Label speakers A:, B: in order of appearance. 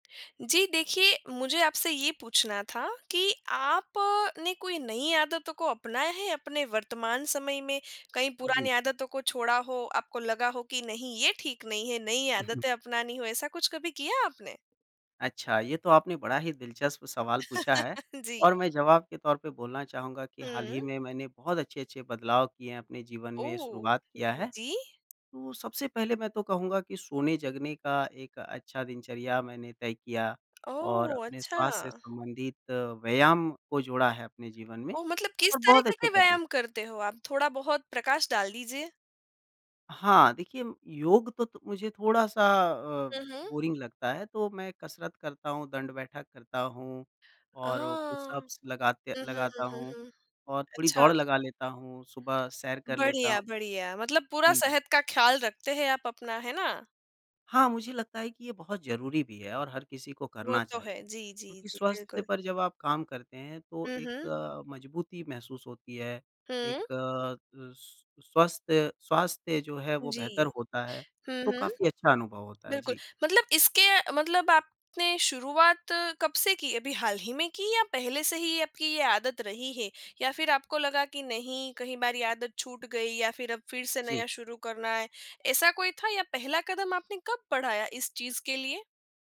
A: जी देखिए, मुझे आपसे ये पूछना था कि आपने कोई नई आदतों को अपनाया है अपने वर्तमान समय में? कई पुरानी
B: जी।
A: आदतों को छोड़ा हो, आपको लगा हो कि, "नहीं, ये ठीक नहीं हैं।" नई
B: उ हुँ।
A: आदतें अपनानी हों, ऐसा कुछ कभी किया आपने?
B: अच्छा, ये तो आपने बड़ा ही दिलचस्प सवाल पूछा है।
A: जी।
B: और मैं जवाब के तौर पे बोलना चाहूँगा कि हाल
A: हुँ।
B: ही में मैंने बहुत अच्छे-अच्छे बदलाव किए हैं अपने जीवन में,
A: ओह!
B: शुरुआत किया
A: जी,
B: है।
A: जी।
B: तो सबसे पहले मैं तो कहूँगा कि सोने-जगने का एक अच्छा दिनचर्या मैंने तय किया और
A: ओह!
B: अपने
A: अच्छा।
B: स्वास्थ्य से संबंधित व्यायाम को जोड़ा है अपने जीवन में।
A: ओह! मतलब किस
B: और बहुत
A: तरीके
B: अच्छे
A: के
B: परिणा
A: व्यायाम करते हो आप? थोड़ा-बहुत प्रकाश डाल दीजिए।
B: हाँ, देखिए, योग तो तो मुझे थोड़ा-सा अ,
A: हुँ, हुँ।
B: बोरिंग लगता है तो मैं कसरत करता हूँ, दंड-बैठक करता हूँ,
A: आह!
B: और
A: हुँ,
B: पुशअप्स लगाते
A: हुँ, हुँ,
B: लगाता
A: हुँ,
B: हूँ,
A: हुँ।
B: और थोड़ी
A: अच्छा,
B: दौड़ लगा
A: अच्छा।
B: लेता हूँ, सुबह सैर कर लेता
A: बढ़िया,
B: हूँ।
A: बढ़िया। मतलब पूरा
B: जी, जी।
A: सेहत का ख़्याल रखते हैं आप अपना, है ना?
B: हाँ, मुझे लगता है कि ये बहुत ज़रूरी भी है और हर किसी को
A: वो
B: करना
A: तो है।
B: चाहिए।
A: जी, जी,
B: क्योंकि
A: जी,
B: स्वास्थ्य
A: बिल्कुल।
B: पर जब आप काम करते हैं तो
A: हुँ, हुँ।
B: एक मज़बूती महसूस होती है।
A: हुँ।
B: एक अ, स्व स्वस्थ्य स्वास्थ्य जो है, वो बेहतर
A: जी।
B: होता है।
A: हुँ,
B: तो
A: हुँ।
B: काफ़ी अच्छा अनुभव होता है।
A: बिल्कुल।
B: जी।
A: मतलब इसके मतलब आपने शुरुआत कब से की? अभी हाल ही में की या पहले से ही आपकी ये आदत रही है या फिर आपको लगा कि नहीं, कहीं बार ये आदत छूट गई या फिर अब फिर से
B: जी।
A: नया शुरू करना है? ऐसा कोई था या पहला कदम आपने कब पढ़ाया, इस चीज़ के लिए?